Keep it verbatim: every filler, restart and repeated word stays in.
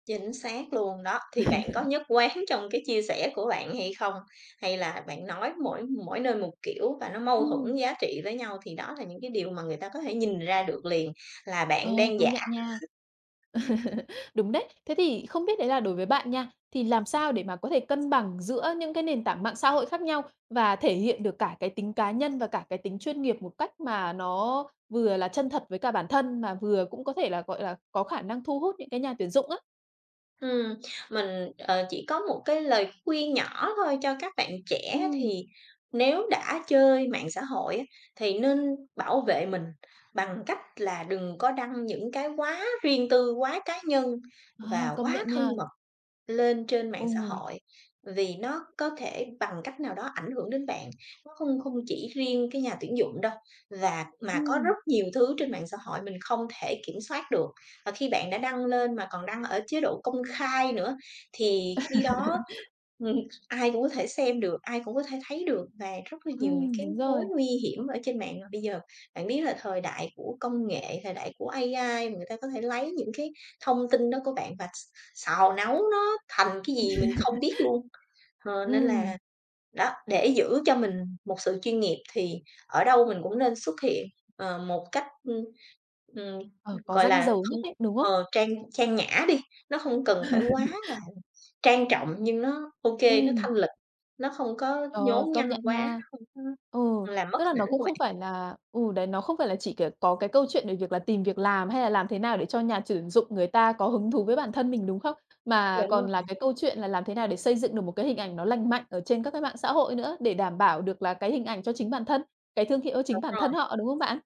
Chính xác luôn đó. Thì bạn có nhất quán trong cái chia sẻ của bạn hay không? Hay là bạn nói mỗi mỗi nơi một kiểu và nó mâu thuẫn Ừm. giá trị với nhau, thì đó là những cái điều mà người ta có thể nhìn ra được liền. Là Ờ, bạn đang công giả nhận nha. kh Đúng đấy. Thế thì không biết đấy là đối với bạn nha, thì làm sao để mà có thể cân bằng giữa những cái nền tảng mạng xã hội khác nhau và thể hiện được cả cái tính cá nhân và cả cái tính chuyên nghiệp một cách mà nó vừa là chân thật với cả bản thân, mà vừa cũng có thể là, gọi là, có khả năng thu hút những cái nhà tuyển dụng á. Ừm, mình, ờ, chỉ có một cái lời khuyên nhỏ thôi cho các bạn trẻ. Ừm. Thì nếu đã chơi mạng xã hội, á, thì nên bảo vệ mình, bằng cách là đừng có đăng những cái quá riêng tư, quá cá nhân Ờ, và công quá nhận thân nha. mật lên trên mạng xã Ừ. hội, vì nó có thể bằng cách nào đó ảnh hưởng đến bạn. Nó không không chỉ riêng cái nhà tuyển dụng đâu. Và mà có Ừm. rất nhiều thứ trên mạng xã hội mình không thể kiểm soát được. Và khi bạn đã đăng lên, mà còn đăng ở chế độ công khai nữa thì khi đó ừm, ai cũng có thể xem được, ai cũng có thể thấy được và rất là nhiều những Ừm, cái đúng mối rồi. nguy hiểm ở trên mạng. Mà bây giờ, bạn biết là thời đại của công nghệ, thời đại của A-I, và người ta có thể lấy những cái thông tin đó của bạn và x xào nấu nó thành cái gì mình không biết luôn, ờ, nên Ừm. là, đó, để giữ cho mình một sự chuyên nghiệp thì ở đâu mình cũng nên xuất hiện, ờ, một cách, ưm, ừm, Ờ, có gọi ranh là, giới không nhất định, đúng không? ờ, trang trang nhã đi. Nó không cần phải quá là trang trọng nhưng nó ô kê, nó Ừm. thanh lịch, nó không có Ờ, nhố công nhăng nhận quá, nó nha, không có ừ, làm mất tức là hình nó ảnh cũng của bạn. không phải là ừ, đấy nó không phải là chỉ kiểu có cái câu chuyện về việc là tìm việc làm hay là làm thế nào để cho nhà chuyển dụng người ta có hứng thú với bản thân mình, đúng không? Mà Chuẩn luôn còn là nè. cái câu chuyện là làm thế nào để xây dựng được một cái hình ảnh nó lành mạnh ở trên các cái mạng xã hội nữa, để đảm bảo được là cái hình ảnh cho chính bản thân, cái thương hiệu cho chính Đúng bản rồi. thân họ, đúng không bạn?